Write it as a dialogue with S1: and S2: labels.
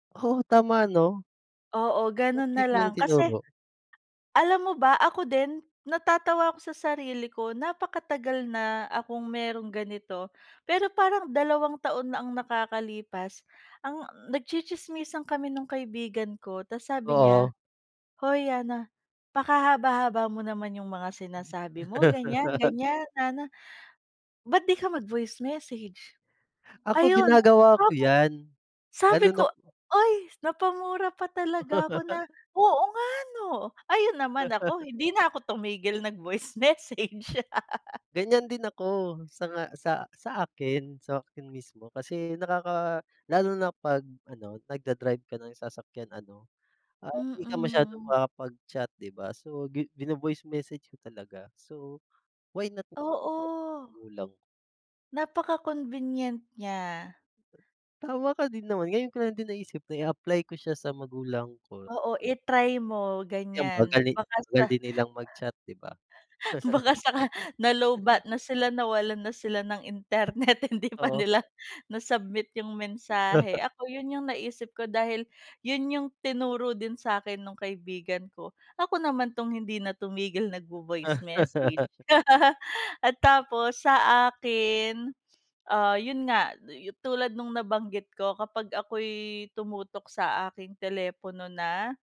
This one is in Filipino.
S1: Oo tama no
S2: Oo
S1: ba't
S2: ganun
S1: di
S2: na
S1: ko yun
S2: lang kasi,
S1: tinuro?
S2: alam mo ba, ako din, natatawa ako sa sarili ko napaka-tagal na akong meron ganito. Pero parang 2 taon na ang nakakalipas, ang nag-tsitsismisan kami nung kaibigan ko tapos sabi niya,
S1: Oo.
S2: "Hoy Ana, pakahaba-haba mo naman yung mga sinasabi mo ganyan-ganyan, Ana. Ba't di ka mag voice message?"
S1: Ako
S2: Ayun.
S1: ginagawa ko
S2: Ah
S1: yan. Lalo
S2: sabi
S1: na
S2: ko ay, napamura pa talaga ako na, "Oo nga no?" Ayun naman ako hindi na ako tumigil nag-voice message.
S1: Ganyan din ako, sa nga sa sa akin sa'kin mismo kasi nakaka lalo na pag ano, nag-da-drive ka ng sasakyan ano, um, di ka masyadong
S2: Mm.
S1: makakapag-chat di ba? So gi bino-voice message ko talaga so, why not, [unintelligible]
S2: Oo.
S1: kulang.
S2: Napaka-convenient niya.
S1: Tama ka din naman ngayon ko lang din naisip na i-apply ko siya sa magulang ko.
S2: Oo i-try mo
S1: Eh, ang
S2: ganyan
S1: bagal eh
S2: baka sa,
S1: bagal nilang mag-chat di ba?
S2: baka saka na-low-batt na sila, nawalan na sila ng internet hindi pa
S1: Oo.
S2: nila na-submit yung mensahe ako, yun yung naisip ko dahil, yun yung tinuro din sakin nung kaibigan ko. Ako naman tong hindi na tumigil nag vo-voice message. At tapos, sa akin, ah, yun nga, yu tulad nung nabanggit ko kapag ako'y tumutok sa aking telepono na.